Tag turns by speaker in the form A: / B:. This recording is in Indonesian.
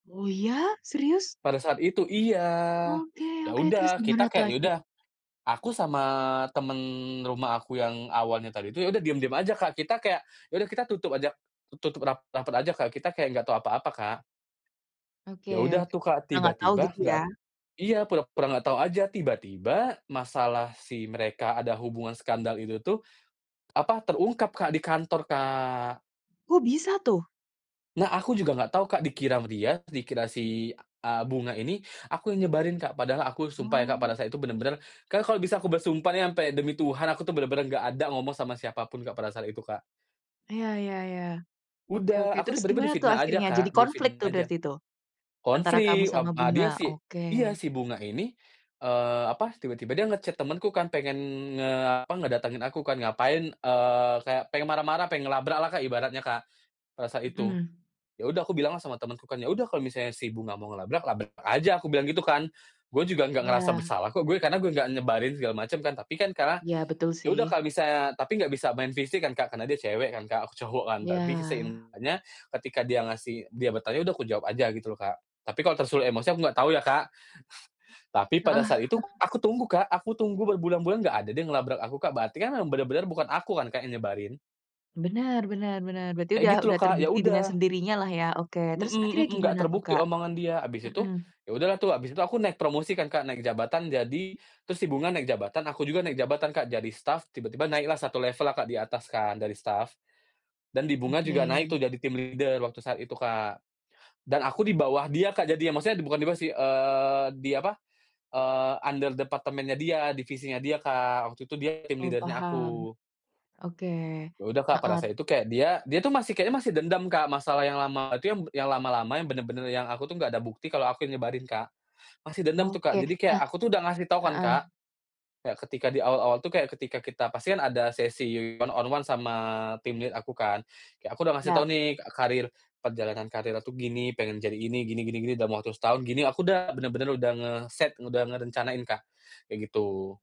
A: Oh, iya? Serius?
B: Pada saat itu iya.
A: Oke
B: Ya
A: oke. Terus,
B: udah,
A: gimana
B: kita
A: tuh
B: kayak, ya
A: akhir
B: udah, aku sama temen rumah aku yang awalnya tadi itu, ya udah diem-diem aja, Kak. Kita kayak, ya udah kita tutup aja tutup rap rapet aja, Kak. Kita kayak nggak tahu apa-apa, Kak.
A: Oke
B: Ya udah
A: oke.
B: tuh, Kak.
A: Karena nggak tau,
B: Tiba-tiba
A: gitu
B: nggak
A: ya?
B: iya, pura-pura nggak tahu aja. Tiba-tiba masalah si mereka ada hubungan skandal itu tuh apa, terungkap, Kak, di kantor, Kak.
A: Kok bisa tuh?
B: Nah, aku juga enggak tahu, Kak. Dikira sama dia dikira si, eee, Bunga ini aku yang nyebarin, Kak. Padahal aku sumpah ya, Kak, pada
A: Oh.
B: saat itu bener-bener kan kalau bisa aku bersumpah nih sampe demi Tuhan, aku tuh bener-bener nggak ada ngomong sama siapa pun, Kak, pada saat itu, Kak.
A: Iya iya iya. Oke oke.
B: Udah. Aku
A: Terus
B: tiba-tiba
A: gimana tuh
B: difitnah aja,
A: akhirnya? Jadi
B: Kak.
A: konflik
B: Difitnah
A: tuh,
B: aja.
A: berarti tuh antara kamu
B: Konflik. Ep
A: sama
B: a
A: Bunga.
B: dia si
A: Oke.
B: iya. Si Bunga ini, eee, apa, tiba-tiba dia nge-chat temenku kan, pengen nge apa, ngedatangin aku kan. Ngapain, eee, kayak pengen marah-marah, pengen ngelabraklah, Kak, ibaratnya, Kak, pada saat itu.
A: Mmm.
B: Ya udah aku bilanglah sama temenku kan, "Ya udah kalau misalnya si Bunga mau ngelabrak, labrak aja." Aku bilang gitu, kan. "Gue juga nggak ngerasa
A: Iya.
B: bersalah kok, gue. Karena gue nggak nyebarin segala macam, kan." Tapi kan karena
A: Ya, betul
B: ya udah
A: sih.
B: kalo misalnya tapi nggak bisa main fisik kan, Kak. Karena dia cewek kan, Kak, aku cowok, kan. Tapi
A: Ya.
B: seimbangnya, ketika dia ngasih dia bertanya, udah kujawab aja gitu loh, Kak. Tapi kalau tersulut emosi, aku enggak tahu ya, Kak. Tapi pada
A: Heeh.
B: saat itu aku tunggu, Kak. Aku tunggu berbulan-bulan enggak ada dia ngelabrak aku, Kak. Berarti kan, memang bener-bener bukan aku kan, Kak, yang nyebarin.
A: Benar benar benar. Berarti
B: Kayak
A: udah
B: gitu loh,
A: udah
B: Kak. Ya
A: terbukti dengan
B: udah
A: sendirinyalah, ya. Oke.
B: Mmm
A: Terus
B: mmm,
A: akhirnya
B: nggak
A: gimana tuh,
B: terbukti
A: Kak.
B: omongan dia. Habis itu,
A: Mmm.
B: ya udahlah tuh, habis itu aku naik promosi kan, Kak, naik jabatan jadi terus si Bunga naik jabatan, aku juga naik jabatan, Kak. Jadi staf, tiba-tiba naiklah 1 level lah, Kak, di atas kan dari staf. Dan di Bunga juga naik tuh,
A: Oke.
B: jadi team leader waktu saat itu, Kak. Dan aku di bawah dia, Kak, jadinya. Maksudnya bukan dia bawah sih, eee, di apa, eee, under departemennya dia, divisinya dia, Kak. Waktu itu dia team
A: Oh,
B: leader-nya
A: paham.
B: aku.
A: Oke.
B: Ya udah, Kak. Pada
A: Heeh.
B: saya itu kayak dia dia tuh masih kayaknya masih dendam, Kak. Masalah yang lama itu, yang lama-lama yang bener-bener yang aku tuh nggak ada bukti kalau aku yang nyebarin, Kak. Masih dendam tuh, Kak.
A: Oke.
B: Jadi kayak,
A: Nah
B: aku tuh udah ngasih tahu kan,
A: heeh.
B: Kak. Kayak ketika di awal-awal tuh, kayak ketika kita pasti kan ada sesi one-on-one sama team lead aku kan. Kayak aku udah ngasih tahu
A: Yap.
B: nih, ka karir perjalanan karir aku gini, pengen jadi ini, gini gini gini dalam waktu setahun, gini. Aku dah, bener-bener udah nge-set, udah ngerencanain, Kak. Kayak gitu.